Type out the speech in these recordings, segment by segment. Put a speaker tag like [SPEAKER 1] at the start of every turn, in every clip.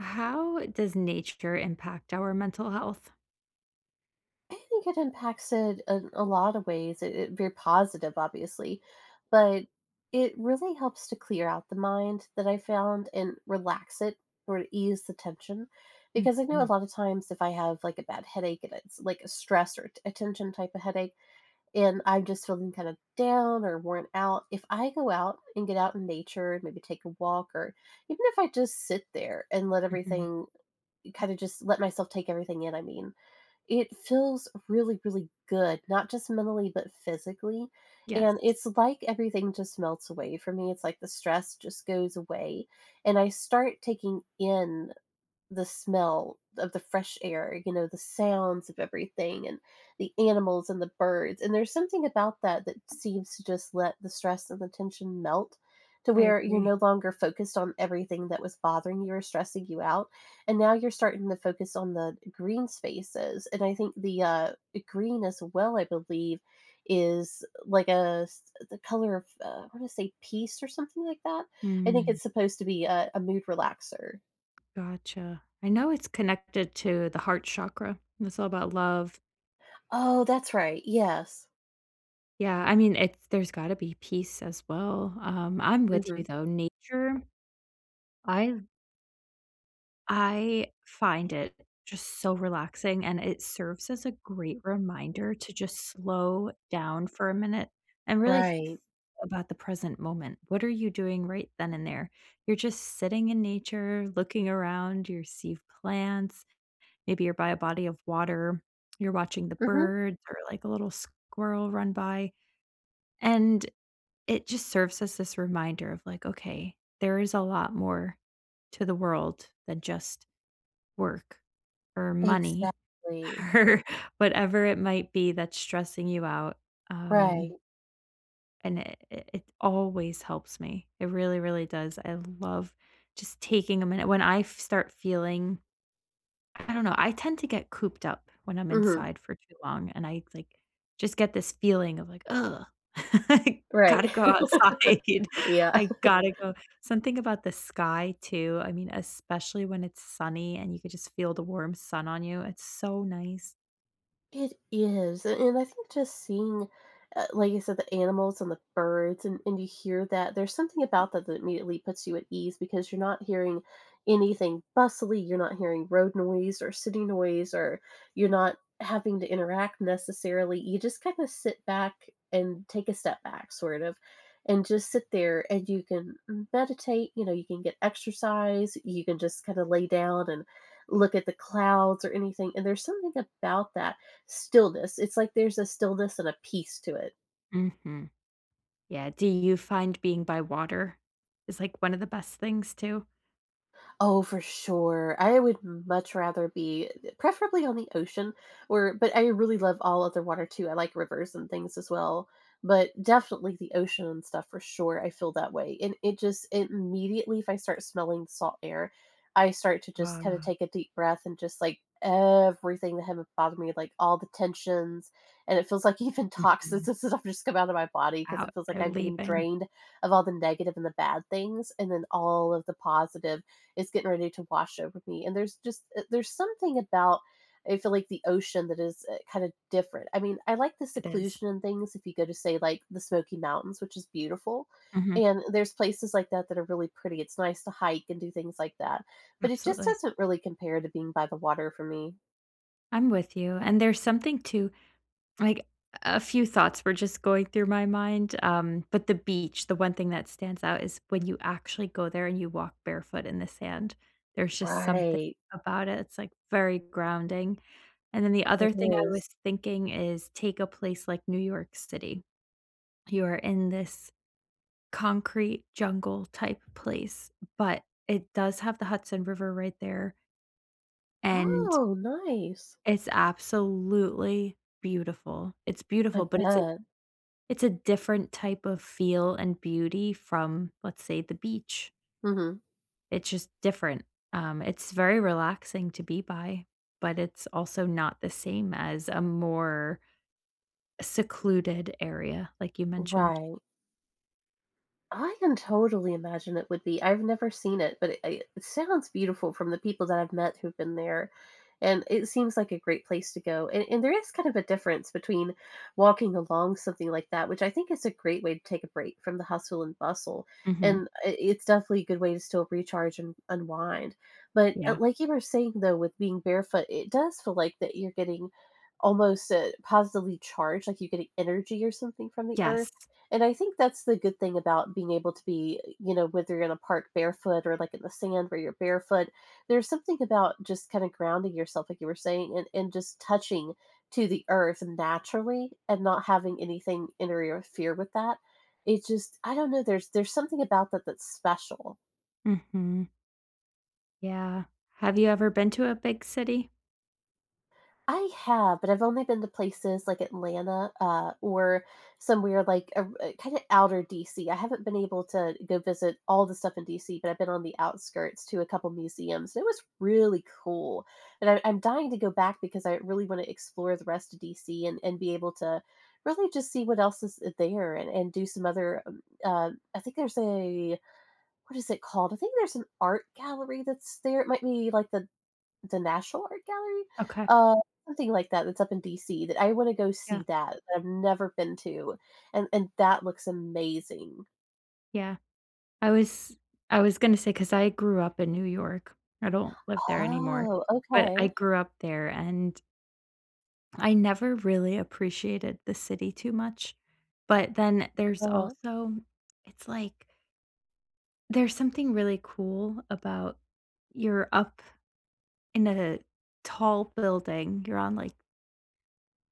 [SPEAKER 1] How does nature impact our mental health?
[SPEAKER 2] I think it impacts it in a lot of ways. It i very positive, obviously. But it really helps to clear out the mind that I found, and relax it, or ease the tension. Because I know a
[SPEAKER 1] Mhm.
[SPEAKER 2] lotta times if I have, like, a bad headache, and it's, like, a stress or a t a tension type of headache, and I'm just feeling kind of down or worn out, if I go out, and get out in nature and maybe take a walk, or even if I just sit there, and let
[SPEAKER 1] Mhm.
[SPEAKER 2] everything kinda just let myself take everything in, I mean. It feels really, really good, not just mentally, but physically. And
[SPEAKER 1] Yes.
[SPEAKER 2] it's like everything just melts away for me. It's like the stress just goes away, and I start taking in the smell of the fresh air, you know, the sounds of everything, and the animals and the birds. And there's something about that that seems to just let the stress and the tension melt to
[SPEAKER 1] I
[SPEAKER 2] where you're
[SPEAKER 1] agree.
[SPEAKER 2] no longer focused on everything that was bothering you or stressing you out, and now you're starting to focus on the green spaces. And I think the, uh eh, green as well, I believe, is like a s the color of, uh, I wanna say peace or something like that. I think
[SPEAKER 1] Mm.
[SPEAKER 2] it's supposed to be a a mood relaxer.
[SPEAKER 1] Gotcha. I know it's connected to the heart chakra. It's all about love.
[SPEAKER 2] Oh, that's right. Yes.
[SPEAKER 1] Yeah, I mean, it's there's gotta be peace, as well. Um, I'm with you,
[SPEAKER 2] Mhm.
[SPEAKER 1] though, nature, I've I find it just so relaxing, and it serves as a great reminder to just slow down for a minute and really th th
[SPEAKER 2] Right.
[SPEAKER 1] about the present moment. What are you doing right then and there? You're just sitting in nature, looking around, you're see plants, maybe you're by a body of water. You're watching the
[SPEAKER 2] Mhm.
[SPEAKER 1] birds, or, like, a little squirrel run by. And it just serves as this reminder of, like, "Okay, there is a lot more to the world than just work, or money,
[SPEAKER 2] Exactly.
[SPEAKER 1] or whatever it might be that's stressing you out."
[SPEAKER 2] Right.
[SPEAKER 1] Um and i i it always helps me. It really, really does. I love just taking a minute. When I f- start feeling I don't know, I tend to get cooped up when I'm
[SPEAKER 2] Mhm.
[SPEAKER 1] inside for too long, and I, like, just get this feeling of like, "Ugh," I
[SPEAKER 2] Right.
[SPEAKER 1] gotta go outside.
[SPEAKER 2] Yeah.
[SPEAKER 1] I gotta go." Something about the sky, too, I mean, especially when it's sunny, and you could just feel the warm sun on you. It's so nice.
[SPEAKER 2] It is, an and I think just seeing, eh, like you said, the animals, and the birds, and and you hear that, there's something about that that immediately puts you at ease because you're not hearing anything bustily, you're not hearing road noise, or city noise, or you're not having to interact necessarily, you just kinda sit back, and take a step back sort of, and just sit there, and you can meditate, you know, you can get exercise, you can just kinda lay down, and look at the clouds, or anything, and there's something about that stillness, it's like there's a stillness, and a peace to it.
[SPEAKER 1] Mhm. Yeah, do you find being by water is, like, one of the best things, too?
[SPEAKER 2] Oh, for sure, I would much rather be preferably on the ocean, or but I really love all other water, too, I like rivers and things as well, but, definitely the ocean, and stuff, for sure, I feel that way, and it just immediately if I start smelling salt air I start to just
[SPEAKER 1] La
[SPEAKER 2] kinda
[SPEAKER 1] la.
[SPEAKER 2] take a deep breath and just, like, everything I have bothered me, like all the tensions, and it feels like even toxins,
[SPEAKER 1] Mhm.
[SPEAKER 2] and stuff, just come out of my body 'cause
[SPEAKER 1] Out,
[SPEAKER 2] it feels like
[SPEAKER 1] they're
[SPEAKER 2] I'm getting
[SPEAKER 1] leaving.
[SPEAKER 2] drained of all the negative and the bad things, and then all of the positive is getting ready to wash over me, and there's just eh, there's something about, I feel like, the ocean that is, eh, kinda different, I mean, I like the
[SPEAKER 1] It is.
[SPEAKER 2] seclusion and things if you go to, say, like, the Smoky Mountains, which is beautiful,
[SPEAKER 1] Mhm.
[SPEAKER 2] and there's places like that that are really pretty, it's nice to hike, and do things like that, but it just
[SPEAKER 1] Absolutely.
[SPEAKER 2] doesn't really compare to being by the water for me.
[SPEAKER 1] I'm with you. And there's something to like, a a few thoughts were just going through my mind. Um, but the beach, the one thing that stands out is when you actually go there, and you walk barefoot in the sand, there's just something
[SPEAKER 2] Right.
[SPEAKER 1] about it. It's, like, very grounding. And then the
[SPEAKER 2] It
[SPEAKER 1] other thing I
[SPEAKER 2] is.
[SPEAKER 1] was thinking is, take a place like New York City- you are in this concrete jungle-type place, but it does have the Hudson River right there. And
[SPEAKER 2] Oh, nice.
[SPEAKER 1] It's absolutely beautiful. It's
[SPEAKER 2] I
[SPEAKER 1] beautiful, but it's a
[SPEAKER 2] bet.
[SPEAKER 1] it's a different type of feel and beauty from, let's say, the beach.
[SPEAKER 2] Mhm.
[SPEAKER 1] It's just different. Um, it's very relaxing to be by, but it's also not the same as a more secluded area like you mentioned.
[SPEAKER 2] Right. I can totally imagine it would be. I've never seen it, but i it sounds beautiful from the people that I've met who've been there. And it seems like a great place to go. And and there is kind of a difference between walking along something like that, which I think is a great way to take a break from the hustle and bustle.
[SPEAKER 1] Mhm.
[SPEAKER 2] And i it's definitely a good way to still recharge and unwind. But
[SPEAKER 1] Yeah.
[SPEAKER 2] it like you were saying though with being barefoot, i it does feel like that you're getting almost, uh, positively charged, like you're getting energy or something from the
[SPEAKER 1] Yes.
[SPEAKER 2] earth. And I think that's the good thing about being able to be, you know, whether you're going to the park barefoot or, like, in the sand where you're barefoot. There's something about just kinda grounding yourself, like you were saying, and and just touching to the earth naturally and not having anything interfere with that. It just I don't know. There's there's something about that that's special.
[SPEAKER 1] Mhm. Yeah. Have you ever been to a big city?
[SPEAKER 2] I have, but I've only been to places like Atlanta, uh, or somewhere like, er kinda outer DC. I haven't been able to go visit all the stuff in DC, but I've been on the outskirts to a couple museums. It was really cool, and I I'm dying to go back because I really wanna explore the rest of DC and and be able to really just see what else is, eh there and and do some other, um uh, I think there's a what is it called? I think there's an art gallery that's there, it might be, like, the the National Art Gallery?
[SPEAKER 1] Okay.
[SPEAKER 2] Uh, something like that that's up in DC that I wanna go
[SPEAKER 1] Yeah.
[SPEAKER 2] see that, that I've never been to, and and that looks amazing.
[SPEAKER 1] Yeah. I was I was gonna say 'cause I grew up in New York. I don't live there anymore,
[SPEAKER 2] Oh,
[SPEAKER 1] but I
[SPEAKER 2] okay.
[SPEAKER 1] grew up there, and I never really appreciated the city too much, but then there's
[SPEAKER 2] Uh-huh.
[SPEAKER 1] also it's like there's something really cool about you're up in a tall building. You're on, like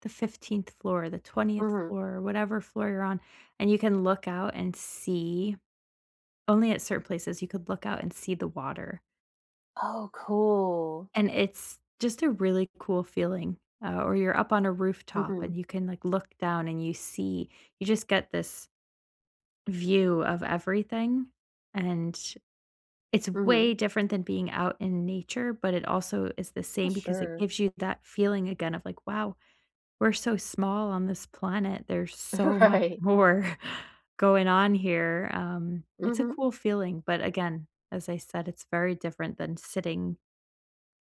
[SPEAKER 1] the 15th floor, the 20th
[SPEAKER 2] Mhm.
[SPEAKER 1] floor, whatever floor you're on, and you can look out and see- only at certain places- you could look out and see the water.
[SPEAKER 2] Oh, cool.
[SPEAKER 1] And it's just a really cool feeling, uh, or you're up on a rooftop
[SPEAKER 2] Mhm.
[SPEAKER 1] and you can, like, look down and you see you just get this view of everything, and it's way
[SPEAKER 2] Mhm.
[SPEAKER 1] different than being out in nature, but it also is the
[SPEAKER 2] Oh,
[SPEAKER 1] same because it
[SPEAKER 2] sure.
[SPEAKER 1] gives you that feeling again of like, "Wow. We're so small on this planet. There's so much
[SPEAKER 2] Right.
[SPEAKER 1] more going on here." Um, it's a
[SPEAKER 2] Mhm.
[SPEAKER 1] cool feeling, but, again, as I said, it's very different than sitting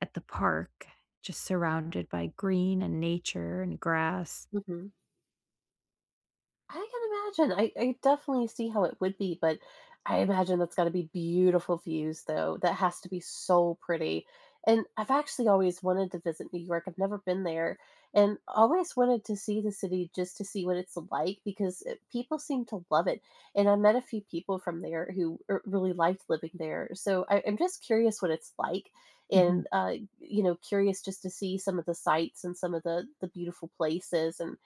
[SPEAKER 1] at the park just surrounded by green and nature and grass.
[SPEAKER 2] Mhm. I can imagine. I I definitely see how it would be, but I imagine that's gotta be beautiful views, though. That has to be so pretty, and I've actually always wanted to visit New York. I've never been there and always wanted to see the city just to see what it's like because, eh, people seem to love it, and I met a few people from there who, er, really liked living there. So I I'm just curious what it's like
[SPEAKER 1] Mhm.
[SPEAKER 2] and, uh, you know, curious just to see some of the sites and some of the the beautiful places and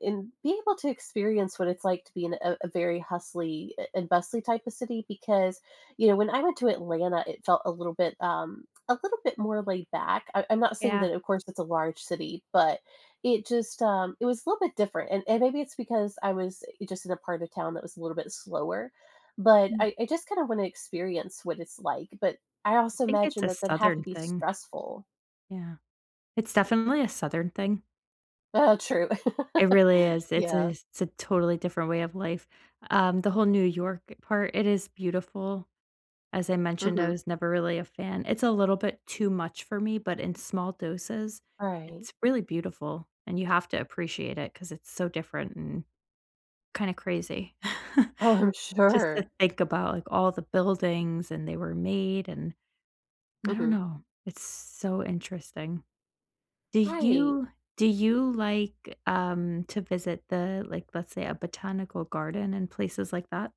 [SPEAKER 2] and being able to experience what it's like to be in a a very hustly a and bustly type of city because, you know, when I went to Atlanta, it felt a little bit, um, a little bit more laid back. I I'm not saying
[SPEAKER 1] Yeah.
[SPEAKER 2] that, of course, it's a large city, but it just, um, it was a little bit different, and and maybe it's because I was just in a part of town that was a little bit slower, but
[SPEAKER 1] Mm.
[SPEAKER 2] I I just kinda wanna experience what it's like, but I
[SPEAKER 1] I
[SPEAKER 2] also
[SPEAKER 1] think it's
[SPEAKER 2] imagine
[SPEAKER 1] a
[SPEAKER 2] that that'd have to
[SPEAKER 1] Southern
[SPEAKER 2] be
[SPEAKER 1] thing.
[SPEAKER 2] stressful.
[SPEAKER 1] Yeah. It's definitely a Southern thing.
[SPEAKER 2] Uh, true.
[SPEAKER 1] It really is. It’s a
[SPEAKER 2] Yeah.
[SPEAKER 1] it's a totally different way of life, um, the whole New York part, it is beautiful, as I mentioned, I
[SPEAKER 2] Mhm.
[SPEAKER 1] was never really a fan. It's a little bit too much for me, but in small doses,
[SPEAKER 2] Right.
[SPEAKER 1] it's really beautiful, and you have to appreciate it 'cause it's so different and kinda crazy
[SPEAKER 2] Oh, I'm
[SPEAKER 1] just to
[SPEAKER 2] sure.
[SPEAKER 1] think about, like, all the buildings and they were made, and I don't
[SPEAKER 2] Mhm.
[SPEAKER 1] know, it's so interesting. Do
[SPEAKER 2] Right.
[SPEAKER 1] you do you like, um, to visit the, like, let's say, a botanical garden and places like that?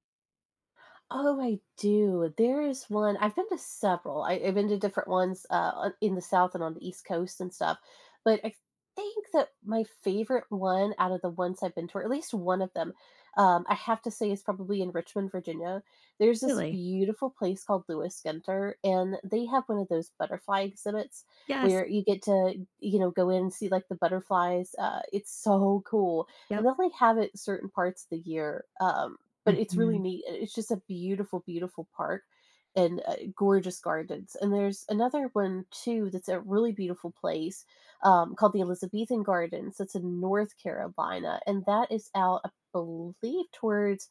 [SPEAKER 2] Oh, I do. There is one I've been to several. I I've been to different ones, uh, o in the South and on the East Coast and stuff, but I think that my favorite one, out of the ones I've been to or at least one of them, um, I have to say is probably in Richmond, Virginia. There's this
[SPEAKER 1] Really?
[SPEAKER 2] beautiful place called Lewis Ginter, and they have one of those butterfly exhibits
[SPEAKER 1] Yes.
[SPEAKER 2] where you get to, you know, go in and see, like, the butterflies, uh, it's so cool, and
[SPEAKER 1] Yep.
[SPEAKER 2] they only have it certain parts the year, um, but it's really
[SPEAKER 1] Mhm.
[SPEAKER 2] neat. Uh, it's just a beautiful, beautiful park and uh, gorgeous gardens, and there's another one too that's a really beautiful place, um, called the Elizabethan Gardens. It's in North Carolina, and that is out, I believe, towards,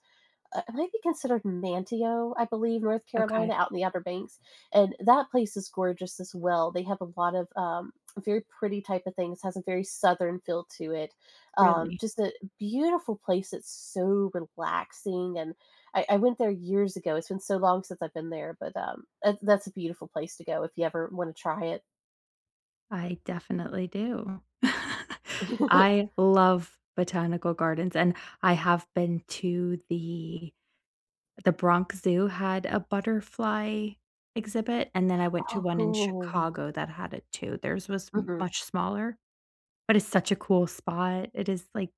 [SPEAKER 2] uh, it might be considered Manteo, I believe, North Carolina
[SPEAKER 1] Okay.
[SPEAKER 2] out in the Upper Banks, and that place is gorgeous as well. They have a lot of, um, very pretty type of things. It has a very southern feel to it. Um,
[SPEAKER 1] Really?
[SPEAKER 2] just a beautiful place. It's so relaxing, and I I went there years ago. It's been so long since I've been there, but, um, eh, that's a beautiful place to go if you ever wanna try it.
[SPEAKER 1] I definitely do. I love botanical gardens, and I have been to the The Bronx Zoo had a butterfly exhibit, and then I went to
[SPEAKER 2] Oh,
[SPEAKER 1] one in
[SPEAKER 2] cool.
[SPEAKER 1] Chicago that had it too. Theirs was m
[SPEAKER 2] Mhm.
[SPEAKER 1] much smaller, but it's such a cool spot. It is, like,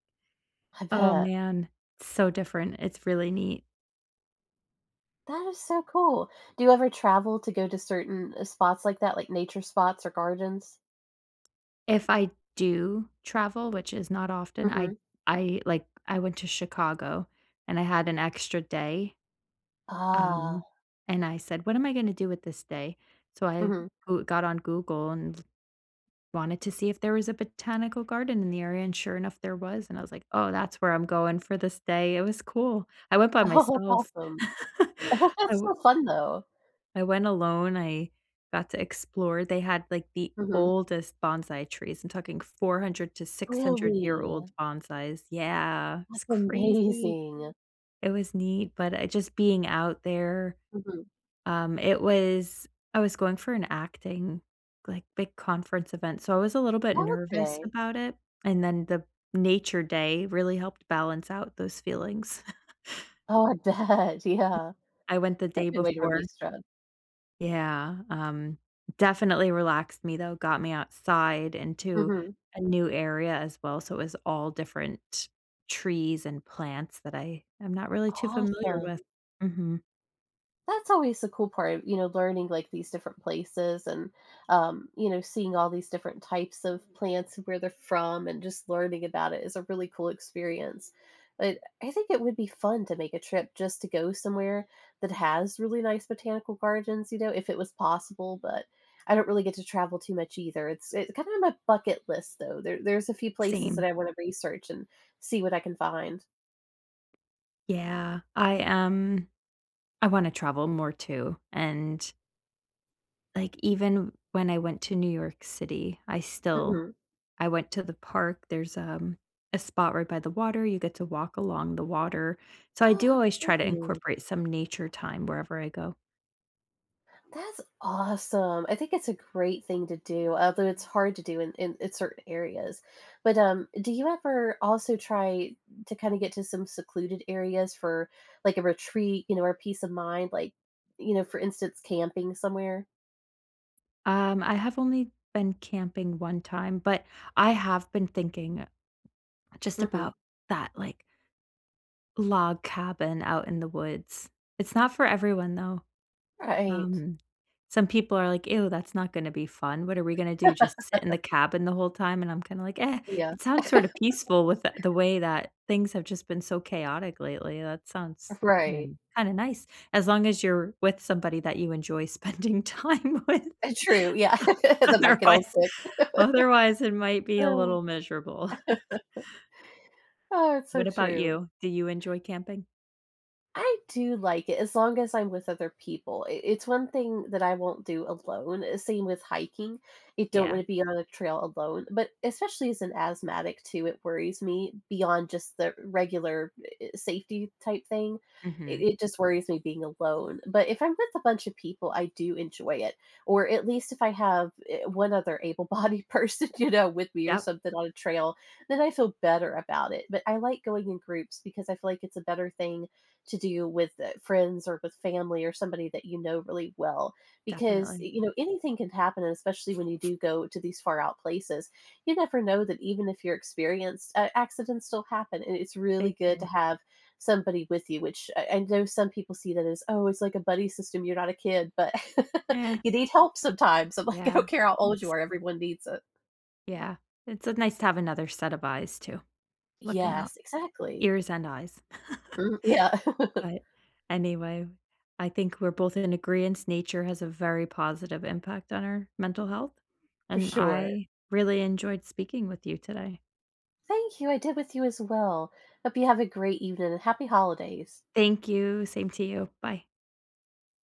[SPEAKER 2] I
[SPEAKER 1] oh,
[SPEAKER 2] bet.
[SPEAKER 1] man, so different. It's really neat.
[SPEAKER 2] That is so cool. Do you ever travel to go to certain, eh, spots like that, like nature spots or gardens?
[SPEAKER 1] If I do travel, which is not often, I
[SPEAKER 2] Mhm.
[SPEAKER 1] I, like, I went to Chicago, and I had an extra day.
[SPEAKER 2] Ah.
[SPEAKER 1] Um, and I said, "What am I gonna do with this day?" So I
[SPEAKER 2] Mhm.
[SPEAKER 1] Goo got on Google and wanted to see if there was a botanical garden in the area, and sure enough, there was. And I was like, "Oh, that's where I'm going for this day." It was cool. I went by
[SPEAKER 2] Oh, that's
[SPEAKER 1] myself.
[SPEAKER 2] awesome.
[SPEAKER 1] I
[SPEAKER 2] That's
[SPEAKER 1] we
[SPEAKER 2] so fun, though.
[SPEAKER 1] I went alone. I got to explore. They had, like, the
[SPEAKER 2] Mhm.
[SPEAKER 1] oldest bonsai trees. I'm talking 400 to 600 year old
[SPEAKER 2] Really?
[SPEAKER 1] bonsais Yeah. It was
[SPEAKER 2] That's
[SPEAKER 1] crazy.
[SPEAKER 2] amazing.
[SPEAKER 1] It was neat. But I just being out there,
[SPEAKER 2] Mhm.
[SPEAKER 1] um, it was I was going for an acting like, big conference event, so I was a little bit
[SPEAKER 2] Oh,
[SPEAKER 1] nervous
[SPEAKER 2] okay.
[SPEAKER 1] about it, and then the nature day really helped balance out those feelings.
[SPEAKER 2] Oh, I bet, yeah.
[SPEAKER 1] I went the
[SPEAKER 2] That's
[SPEAKER 1] day
[SPEAKER 2] a good way to
[SPEAKER 1] before.
[SPEAKER 2] release stre
[SPEAKER 1] Yeah, um, definitely relaxed me, though, got me outside into
[SPEAKER 2] Mhm.
[SPEAKER 1] a new area, as well. So, it was all different trees, and plants that I am not really too familiar
[SPEAKER 2] Awesome.
[SPEAKER 1] with. Mhm.
[SPEAKER 2] That's always the cool part, you know, learning, like, these different places, and um, you know, seeing all these different types of plants and where they're from, and just learning about it is a really cool experience. But I think it would be fun to make a trip just to go somewhere that has really nice botanical gardens, you know, if it was possible, but I don't really get to travel too much either. It's, uh, kinda on my bucket list, though. There there's a few places that
[SPEAKER 1] Same.
[SPEAKER 2] I wanna research and see what I can find.
[SPEAKER 1] Yeah. I, um, I wanna travel more, too, and like, even when I went to New York City, I still
[SPEAKER 2] Mhm.
[SPEAKER 1] I went to the park, there's, um, a spot right by the water, you get to walk along the water. So, I
[SPEAKER 2] Oh,
[SPEAKER 1] do
[SPEAKER 2] how
[SPEAKER 1] always try to
[SPEAKER 2] pretty.
[SPEAKER 1] incorporate some nature time wherever I go.
[SPEAKER 2] That's awesome. I think that's a great thing to do, although it's hard to do in in in certain areas. But, um, do you ever also try to kinda get to some secluded areas for, like, a retreat, you know, or peace of mind, like, you know, for instance, camping somewhere?
[SPEAKER 1] Um, I have only been camping 1 time, but I have been thinking just
[SPEAKER 2] Mhm.
[SPEAKER 1] about that, like log cabin out in the woods. It's not for everyone, though,
[SPEAKER 2] Right.
[SPEAKER 1] um, some people are like, "Ew, that's not gonna be fun. What are we gonna do? Just sit in the cabin the whole time?" and I'm kinda like, "Eh,
[SPEAKER 2] Yeah.
[SPEAKER 1] it sounds sort of peaceful," with the way that things have just been so chaotic lately; that sounds
[SPEAKER 2] Right.
[SPEAKER 1] kinda kinda nice, as long as you're with somebody that you enjoy spending time with.
[SPEAKER 2] Ah, true, yeah. That might get old
[SPEAKER 1] Otherwise
[SPEAKER 2] quick.
[SPEAKER 1] otherwise, it might be a little miserable.
[SPEAKER 2] Oh, it's so
[SPEAKER 1] What about
[SPEAKER 2] true.
[SPEAKER 1] you? Do you enjoy camping?
[SPEAKER 2] I do like it, as long as I'm with other people, i it's one thing that I won't do alone, uh, same with hiking, you don't
[SPEAKER 1] Yeah.
[SPEAKER 2] wanna be on the trail alone; but, especially as an asthmatic too, it worries me beyond just the regular e e safety type thing, it
[SPEAKER 1] Mhm.
[SPEAKER 2] it just worries me being alone, but if I'm with a bunch of people, I do enjoy it, or, at least if I have, eh, one other able-bodied person, you know, with me, or
[SPEAKER 1] Yup.
[SPEAKER 2] something, on a trail, then I feel better about it, but, I like going in groups because I feel, like, it's a better thing to do with, uh, friends, or with family, or somebody that you know really well, because, y
[SPEAKER 1] Definitely.
[SPEAKER 2] you know, anything could happen, and especially when you do go to these far out places, you never know that even if you're experienced, a accidents still happen, and it's
[SPEAKER 1] They
[SPEAKER 2] really good to
[SPEAKER 1] do.
[SPEAKER 2] have somebody with you, which I I know some people see that as, "Oh, it's like a buddy system, you're not a kid," but,
[SPEAKER 1] Eh.
[SPEAKER 2] you need help sometimes, I'm like, "I
[SPEAKER 1] Yeah,
[SPEAKER 2] don't care how old you
[SPEAKER 1] it's
[SPEAKER 2] are, everyone needs it."
[SPEAKER 1] Yeah, it's a nice to have another set of eyes, too, looking out.
[SPEAKER 2] Yes, exactly.
[SPEAKER 1] Ears and eyes.
[SPEAKER 2] Mm, yeah.
[SPEAKER 1] But, anyway, I think we're both in agreeance, nature has a very positive impact on our mental health,
[SPEAKER 2] For
[SPEAKER 1] and
[SPEAKER 2] sure.
[SPEAKER 1] I really enjoyed speaking with you today.
[SPEAKER 2] Thank you, I did with you, as well. Hope you have a great evening, and happy holidays.
[SPEAKER 1] Thank you, same to you, bye.